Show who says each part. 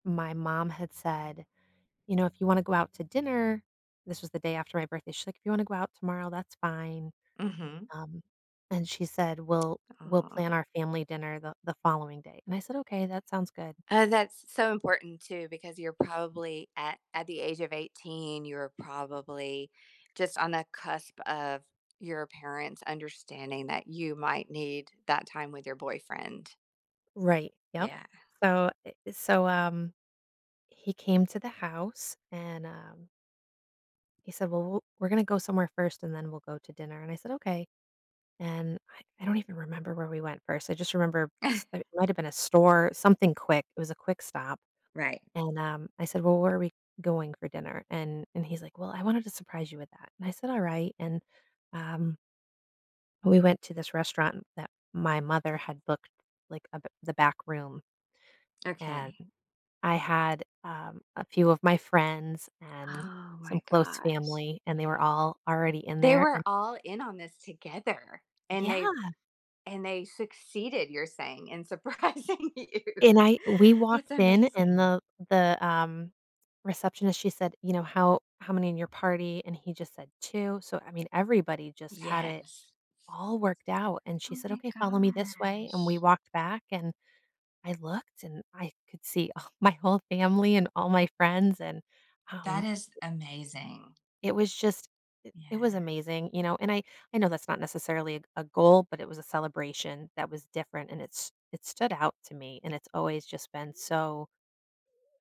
Speaker 1: My mom had said, "You know, if you wanna go out to dinner" this was the day after my birthday, she like, "You wanna go out tomorrow, that's fine,"
Speaker 2: Mhm.
Speaker 1: um, and she said, "We'll we'll
Speaker 2: Ah.
Speaker 1: plan our family dinner the the following day," and I said, "Okay, that sounds good."
Speaker 2: Uh, that's so important too, because you're probably at at the age of 18, you're probably just on the cusp of your parents understanding that you might need that time with your boyfriend.
Speaker 1: Right, yup,
Speaker 2: Yeah.
Speaker 1: so eh, e so, um, he came to the house, and, um he said, "Well, w we're gonna go somewhere first and then we'll go to dinner," and I said, "Okay," and I I don't even remember where we went first, I just remember s it might have been a store, something quick, it was a quick stop,
Speaker 2: Right.
Speaker 1: and, um, I said, "Well, where are we going for dinner?" And and he's like, "Well, I wanted to surprise you with that," and I said, "All right," and, um we went to this restaurant that my mother had booked like a b the back room, and
Speaker 2: Okay.
Speaker 1: I had, um, a few of my friends and
Speaker 2: Oh
Speaker 1: some
Speaker 2: my
Speaker 1: close
Speaker 2: gosh.
Speaker 1: family, and they were all already in
Speaker 2: They
Speaker 1: there,
Speaker 2: were
Speaker 1: and
Speaker 2: all in on this together, and they
Speaker 1: Yeah.
Speaker 2: and they succeeded, you're saying in surprising you.
Speaker 1: And I we walked
Speaker 2: That's
Speaker 1: in, and
Speaker 2: amazing.
Speaker 1: the the, um, receptionist, she said, you know, "How how many in your party?" And he just said, "2," so, I mean, everybody just had it
Speaker 2: Yes.
Speaker 1: all worked out, and she
Speaker 2: Oh
Speaker 1: said,
Speaker 2: my
Speaker 1: "Okay, follow me this way," and we
Speaker 2: gosh.
Speaker 1: walked back, and I looked, and I could see, ugh, my whole family and all my friends, and, um
Speaker 2: That is amazing.
Speaker 1: It was just it it was
Speaker 2: Yeah.
Speaker 1: amazing, you know, and I I know that's not necessarily a g a goal, but it was a celebration that was different, and it's it stood out to me, and it's always just been so